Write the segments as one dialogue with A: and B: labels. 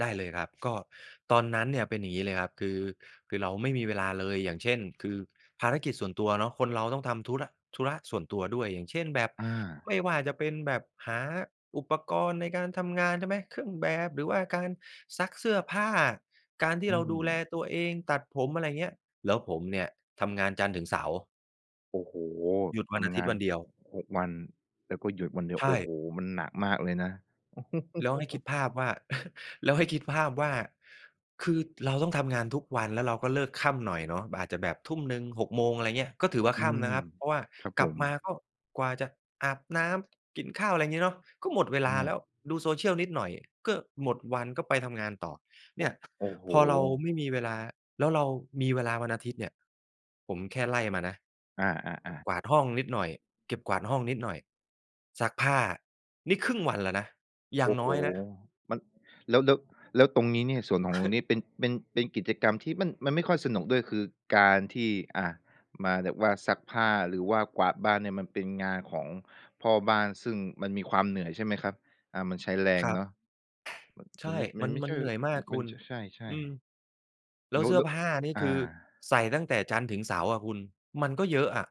A: ได้เลยครับ ก็ตอนนั้นเนี่ยเป็นอย่างนี้เลยครับ คือ คือเราไม่มีเวลาเลย อย่างเช่น คือภารกิจส่วนตัวเนาะ คนเราต้องทำธุระ ธุระส่วนตัวด้วย อย่างเช่นแบบ
B: อา
A: ไม่ว่าจะเป็นแบบหาอุปกรณ์ในการทำงาน ใช่ไหม? เครื่องแบบ หรือว่าการซักเสื้อผ้า การที
B: อ
A: ่
B: ื
A: เราดูแล
B: ม
A: ตัวเองตัดผม อะไรอย่างเงี้ย แล้วผมเนี่ยทำงานจันทร์ถึงเสาร์
B: โอ้โฮ!
A: หยุดว
B: ท
A: ันอา
B: ำ
A: ท
B: ง
A: ิต
B: า
A: ย์
B: น
A: วันเดียว
B: 6 วัน แล้วก็หยุดวันเดีย
A: ใ
B: ว
A: ช
B: โอ้โ
A: ่
B: ฮ! มันหนักมากเลยนะ
A: แล้วให้คิดภาพว่า แล้วให้คิดภาพว่า คือเราต้องทำงานทุกวัน แล้วเราก็เลิกค่ำหน่อยเนาะ อาจจะแบบ 19.00-18.00 โมง อะไรอย่างเงี้ย ก็ถือว่า
B: อื
A: ค่
B: ม
A: ำนะครับ เพราะว่า
B: ครับ
A: ก
B: ผ
A: ลับมา
B: ม
A: ก็กว่าจะอาบน้ำ กินข้าว อะไรงี้เนาะ ก็หมดเวล
B: อ
A: าแล
B: า
A: ้ว ดู Social นิดหน่อยก็หมดวัน ก็ไปทำงานต่อ
B: โอ
A: เน
B: ้
A: ี่ย
B: โอ้โฮ
A: พอเราไม่มีเวลา แล้วเรามีเวลาวันอาทิตย์เนี่ย ผมแค่ไล่มานะ
B: อ
A: เก็
B: า
A: บ
B: ๆ ๆ
A: กวาดห้องนิดหน่อย เก็บกวาดห้องนิดหน่อย ซักผ้า นี่ครึ่งวันแล้วนะ อย
B: โ
A: ่า
B: อ
A: ง
B: ้
A: น
B: โฮ
A: ้อยนะ
B: มัน แล้ว แล้ว แล้วตรงนี้เนี่ยส่วนของตรงนี้เป็น เป็น เป็นกิจกรรมที่มัน มัน ไม่ค่อยสนุกด้วย คือการที่ อ่า มาแบบว่าซักผ้า หรือว่ากวาดบ้านเนี่ย มันเป็นงานของพ่อบ้าน ซึ่งมันมีความเหนื่อยใช่ไหมครับ? อา มันใช้แร
A: ค
B: ง
A: รั
B: เ
A: บ
B: นาะ
A: ใช
B: ม มัน
A: ่
B: ไม่ มั
A: มั
B: น
A: น
B: ไม่
A: ม
B: ใ
A: ั
B: ช
A: น
B: ่
A: เหนื่อยมากค
B: มั
A: ุ
B: น
A: ณ
B: ใช่
A: อือ
B: ๆ
A: แล
B: แ
A: ้
B: ล
A: ว
B: ้
A: เ
B: ว
A: สื้
B: ล
A: อผ้านี่
B: อา
A: คือใส่ตั้งแต่จันทร์ถึงเสาร์อะคุณ มันก็เยอะอะ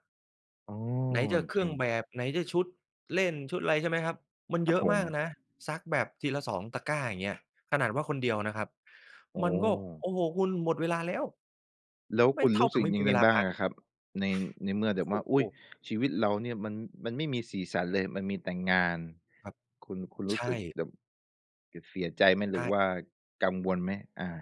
B: อ๋อ
A: ไหนจะเคร
B: จ
A: ื่
B: ริ
A: อง
B: ง
A: แบบ ไหนจะชุดเล่นชุดอะไร ใช่ไหมครับ? มัน
B: ค
A: เ
B: รั
A: ย
B: บ
A: อะ
B: ผ
A: มาก
B: ม
A: นะ ซักแบบทีละ 2 ตะกร้าอย่างเงี้ย ขนาดว่าคนเดียวนะครับ
B: อ๋
A: มันก็
B: อ
A: โอ้โฮ คุณหมดเวลาแล้ว
B: แล้ว
A: ไม
B: ค
A: ่
B: ุณ
A: เท่
B: ร
A: า
B: ู้
A: กั
B: สึ
A: บ
B: ก
A: ไม่
B: ย
A: มี
B: ังไ
A: เว
B: ง
A: ลา
B: บ้า
A: พ
B: ง
A: ัก
B: อะครับ? ใน ในเมื่อแ
A: โ
B: บ
A: อ้
B: บว่า
A: โฮ
B: อุ๊ย ชีวิตเราเนี่ยมัน มันไม่มีสีสันเลย มันมีแต่งาน
A: ครับ
B: คุณ คุณร
A: ใ
B: ู
A: ช
B: ้สึก
A: ่
B: แบบ ส เสียใจไหม?
A: ใ
B: หรือ
A: ช่
B: ว่ากังวลไหม? อา